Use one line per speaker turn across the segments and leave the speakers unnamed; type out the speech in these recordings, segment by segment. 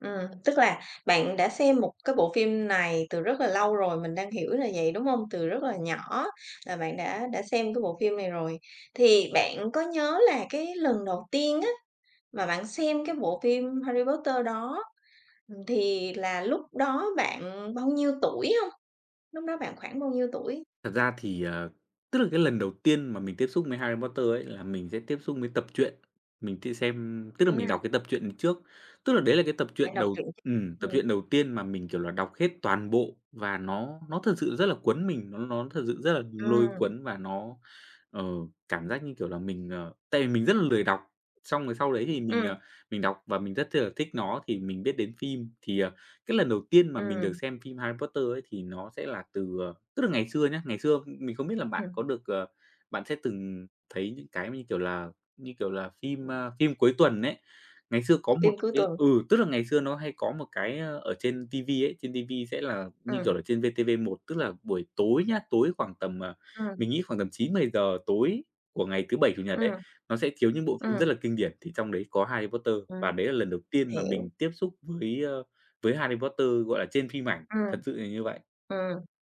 Ừm, tức là, bạn đã xem một cái bộ phim này từ rất là lâu rồi, mình đang hiểu là vậy, đúng không? Từ rất là nhỏ là bạn đã đã xem cái bộ phim này rồi, thì bạn có nhớ là cái lần đầu tiên á, mà bạn xem cái bộ phim Harry Potter đó, ừm, thì là lúc đó bạn bao nhiêu tuổi hông? Lúc đó bạn khoảng bao nhiêu tuổi?
Thật ra thì, à, tức là, cái lần đầu tiên mà mình tiếp xúc mới Harry Potter ấy là mình sẽ tiếp xúc mới tập truyện. Mình tia xem tức là, mình đọc
À.
cái tập truyện trước, tức là, đấy là cái tập
Bạn
truyện
đọc
đầu
truyện
ừm, tập
ừm.
truyện đầu tiên mà mình, kiểu là, đọc hết toàn bộ và nó nó thật sự rất là cuốn mình. Nó nó thật sự rất là lôi
Ừm.
cuốn và nó, ờ, cảm giác như, kiểu là, mình, ờ tại vì mình rất là lười đọc. Xong rồi sau đấy thì mình,
Ừm.
ờ, mình đọc và mình rất chi là thích nó thì mình biết đến phim, thì, à, cái lần đầu tiên mà mình được
Ừm.
xem phim Harry Potter ấy thì nó sẽ là từ ờ tức là ngày xưa nhá, ngày xưa, ưm, mình không biết là bạn
Ừm.
có được, ờ, bạn sẽ từng thấy những cái mà như, kiểu là như kiểu là, phim, a, phim cuối tuần ấy. Ngày xưa có một
Phim cuối
cái
tuần.
ừ, tức là ngày xưa nó hay có một cái, a, ở trên TV ấy, trên TV sẽ là, như kiểu
Ừm.
là, trên VTV1. Tức là buổi tối nhá, tối khoảng tầm à
Ừm.
mình nghĩ khoảng tầm 9:00-10:00 tối của ngày thứ Bảy, Chủ Nhật
Ừm.
ấy, nó sẽ chiếu những bộ phim rất
Ừm.
là kinh điển thì trong đấy có Harry Potter và đấy là lần đầu
[unintelligible]
tiên mà
.Hiểu.
mình tiếp xúc với, ơ, với Harry Potter, gọi là, trên phim ảnh,
Ừm.
thật sự là như vậy.
Ừm,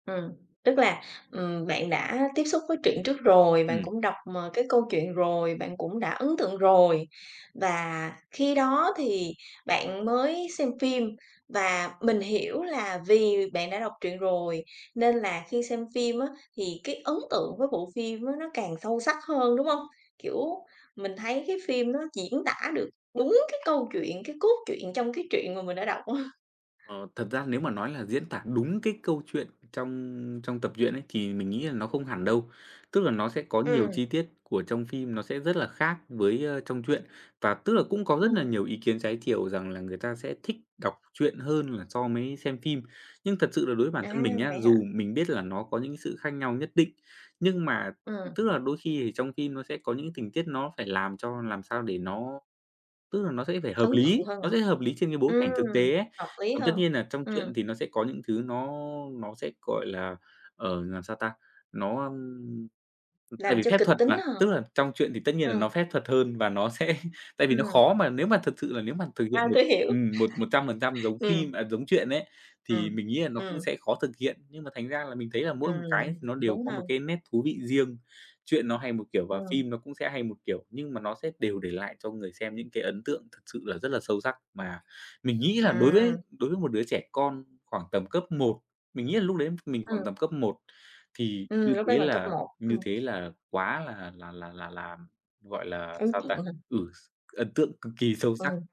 ừm, ừm, tức là, ừm, bạn đã tiếp xúc với truyện trước rồi, bạn
Ừm.
cũng đọc, ờ, cái câu chuyện rồi, bạn cũng đã ấn tượng rồi. Và khi đó thì bạn mới xem phim và mình hiểu là vì bạn đã đọc truyện rồi, nên là khi xem phim á thì cái ấn tượng với bộ phim á nó càng sâu sắc hơn, đúng không? Kiểu, mình thấy cái phim nó diễn tả được đúng cái câu chuyện, cái cốt truyện trong cái chuyện mà mình đã đọc á.
Ờ, thật ra nếu mà nói là diễn tả đúng cái câu chuyện trong trong tập truyện ấy thì mình nghĩ là nó không hẳn đâu. Tức là nó sẽ có nhiều
Ừm.
chi tiết của trong phim, nó sẽ rất là khác với, a, trong truyện. Và tức là cũng có rất là
Ừm.
nhiều ý kiến trái chiều rằng là người ta sẽ thích đọc truyện hơn là so mấy xem phim. Nhưng thật sự là đối bản
À,
thân mình nhá,
vậy hả?
dù mình biết là nó có những cái sự khác nhau nhất định, nhưng mà
Ừm.
tức là đôi khi thì trong phim nó sẽ có những tình tiết nó phải làm cho làm sao để nó tức là nó sẽ phải hợp
Ấn tượng
lý,
hơn
nó
hả?
sẽ hợp lý trên cái bối cảnh thực
Ừm,
tế ấy.
hợp lý
Còn tất
hơn,
nhiên nà trong
ừm.
truyện thì nó sẽ có những thứ nó nó sẽ, gọi là, ờ, làm sao ta, nó, ưm tại
Làm
vì
cho
phép
kịch
thuật
tính
mà,
á hả?
tức là trong truyện thì tất nhiên là nó
Ờ.
phép thuật hơn và nó sẽ tại vì nó
Ừm.
khó mà nếu mà thật sự là nếu mà thực
À,
hiện một
tui hiểu.
ừm, một một trăm phần trăm giống phim
Ừm.
à, giống truyện ấy, thì
Ừm,
mình nghĩ là nó cũng
ừm.
sẽ khó thực hiện, nhưng mà thành ra là mình thấy là mỗi một cái
Ừm,
nó đều
đúng
có
ha.
một cái nét thú vị riêng. Truyện nó hay một kiểu và
Ừm.
phim nó cũng sẽ hay một kiểu nhưng mà nó sẽ đều để lại cho người xem những cái ấn tượng thực sự là rất là sâu sắc mà mình nghĩ là đối với
Ừm.
đối với một đứa trẻ con khoảng tầm cấp 1 mình nghĩ là lúc đấy mình
Ừm.
khoảng tầm cấp 1 thì
Ừm,
như
lúc đấy
thế
bạn cấp
là
1,
như
ừm.
thế là quá là là là là là, gọi là,
Ấn
sao ta,
tượng quá ha!
ừ, x ấn tượng cực kỳ sâu sắc.
Ừm.